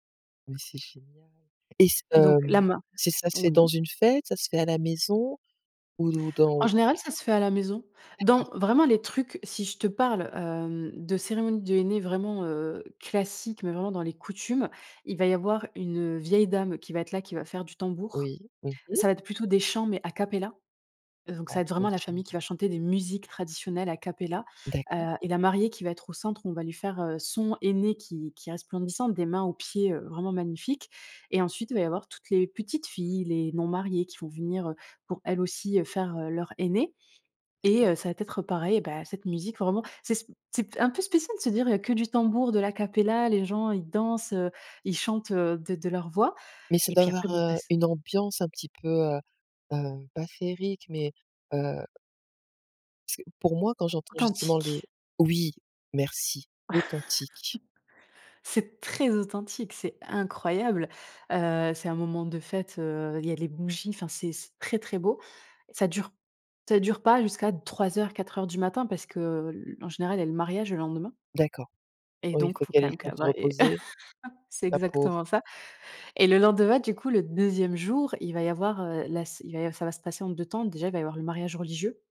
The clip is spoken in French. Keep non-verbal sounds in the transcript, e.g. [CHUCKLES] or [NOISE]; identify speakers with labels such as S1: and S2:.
S1: Mais c'est génial. Et s
S2: Donc la
S1: hem,
S2: main.
S1: c'est ça se fait dans
S2: Oui.
S1: une fête? Ça se fait à la maison ou d ou
S2: En
S1: dans
S2: général, ça se fait à la maison.
S1: D'accord.
S2: Dans vraiment les trucs, si je te parle hem, de cérémonies de henné vraiment, heu, classiques. Mais vraiment dans les coutumes, il va y avoir une vieille dame qui va être là, qui va faire du tambour.
S1: Oui, mmh mh.
S2: Ça va être plutôt des chants, mais a cappella. Heu, donc
S1: Ah,
S2: ça va être
S1: ça doit
S2: vraiment
S1: être
S2: la famille qui
S1: génial.
S2: va chanter des musiques traditionnelles a cappella,
S1: D'accord.
S2: heu, et la mariée qui va être au centre. On va lui faire, heu, son henné qui qui est resplendissant, des mains aux pieds, heu, vraiment magnifique. Et ensuite, il va y avoir toutes les petites filles, les non mariées qui vont venir, heu, pour elles aussi, heu, faire leur henné et
S1: D'accord.
S2: heu, ça va t être pareil. Bah cette musique vraiment, c'est sp c'est p un peu spécial de se dire, heu, que du tambour, de l'a cappella. Les gens ils dansent, heu, ils chantent, heu, de de leur voix.
S1: Mais ça
S2: Et
S1: doit
S2: puis après
S1: avoir,
S2: bon ça
S1: heu,
S2: s
S1: une ambiance un petit peu, heu, heu, pas féerique, mais heu parce que pour moi quand j'entends justement les
S2: Authentique.
S1: oui, merci, authentique.
S2: [CHUCKLES] C'est très authentique, c'est incroyable. Heu, c'est un moment de fête, heu, il y a les bougies. Enfin c'est c'est très, très beau. Ça dure ça dure pas jusqu'à 03:00-04:00 du matin. Parce que l l en général, il y a le mariage le lendemain
S1: D'accord.
S2: et
S1: Oui, il
S2: donc,
S1: faut
S2: faut
S1: qu'elle ait
S2: quand
S1: le
S2: même que
S1: temps de
S2: la
S1: se
S2: mariée
S1: reposer,
S2: [LAUGHS] c'est
S1: la pauvre.
S2: exactement ça. Et le lendemain, du coup, le 2e jour. Il va y avoir, heu, la s il va y a ça va se passer en 2 temps. Déjà, il va y avoir le mariage religieux.